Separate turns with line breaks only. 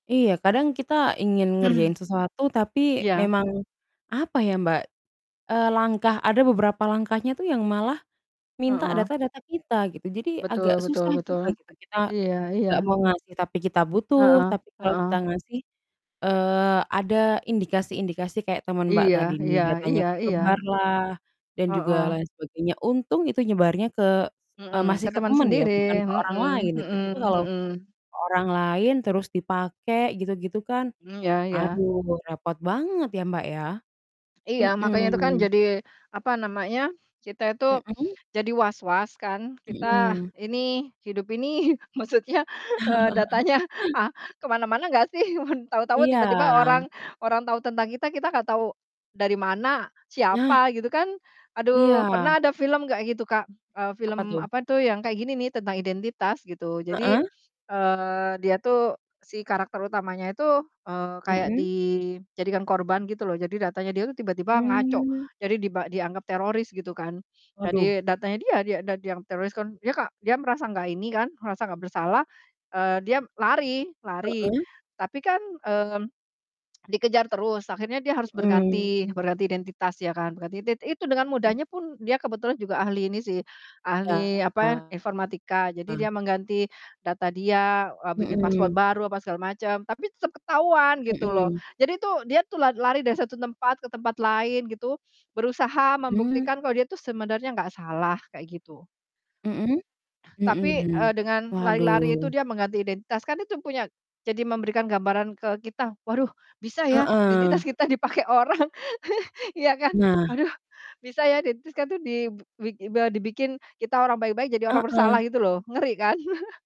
Iya kadang kita ingin
Mhm.
ngerjain sesuatu tapi
Iya.
memang, apa ya Mbak, eee, langkah ada beberapa langkahnya tuh yang malah, minta
Heeh.
data-data kita gitu jadi agak
Betul betul
susah
betul,
juga gitu kita,
iya
nggak
iya.
mau ngasih tapi kita butuh,
Heeh
tapi kalau kita
heeh.
ngasih, eee, ada indikasi-indikasi kayak temen Mbak
Iya
tadi nih,
iya
datanya
iya
ke sebar
iya.
lah, dan juga
Heeh.
lain sebagainya untung itu nyebarnya ke, eee,
Mhm,
masih
ke
ke
temen
temen ya
sendiri,
bukan ke orang lain
mhm
gitu, coba
mhm
kalau,
mhm.
ke orang lain terus dipake gitu-gitu kan,
Mmm, ya ya.
aduh repot banget ya Mbak ya,
Iya makanya itu kan
mhm.
jadi apa namanya kita itu,
Mhm?
jadi was-was kan kita
Mhm.
ini hidup ini maksudnya, eee, datanya, ah, ke mana-mana ga sih, mun tau-tau
Iya.
tiba-tiba orang orang tahu tentang kita kita gak tahu, dari mana,
Nah.
siapa gitu kan, aduh
Iya.
pernah ada film kayak gitu Kak, eee,
Apa
film
tuh?
apa tuh yang kayak gini nih tentang identitas gitu jadi,
Heeh.
eee, dia tuh si karakter utamanya itu, eee, kayak
Mhm.
di jadikan korban gitu loh, jadi datanya dia itu tiba-tiba ngaco,
Mmm.
jadi diba dianggap teroris gitu kan,
Waduh.
jadi datanya dia dia dan dia yang teroris kan dia ka dia merasa nggak ini kan merasa gak bersalah, eee, dia lari lari
Heeh.
tapi kan, mmm, dikejar terus akhirnya dia harus berganti
Mmm.
berganti identitas ya kan gatidet itu dengan mudahnya pun dia kebetulan juga ahli ini sih, ahli apa
Iya.
ya, informatika jadi dia mengganti data dia, eee, bikin password
Mhm.
baru apa segala macam, tapi tetep ketahuan gitu loh,
Mhm.
jadi tuh dia tuh la lari dari satu tempat ke tempat lain gitu, berusaha
Mmm.
membuktikan kalau dia itu sebenarnya nggak salah kayak gitu.
Mhm? Mhm
Tapi, eee,
mhm,
dengan lari-lari itu
waduh.
dia mengganti identitas, kan itu punya jadi memberikan gambaran ke kita, waduh bisa ya
Heeh.
identitas kita dipakai orang iya kan.
Nah.
Aduh, bisa ya identitas kan itu dib bi diba dibikin kita orang baik-baik jadi orang bersalah
Heeh.
gitu loh ngeri kan.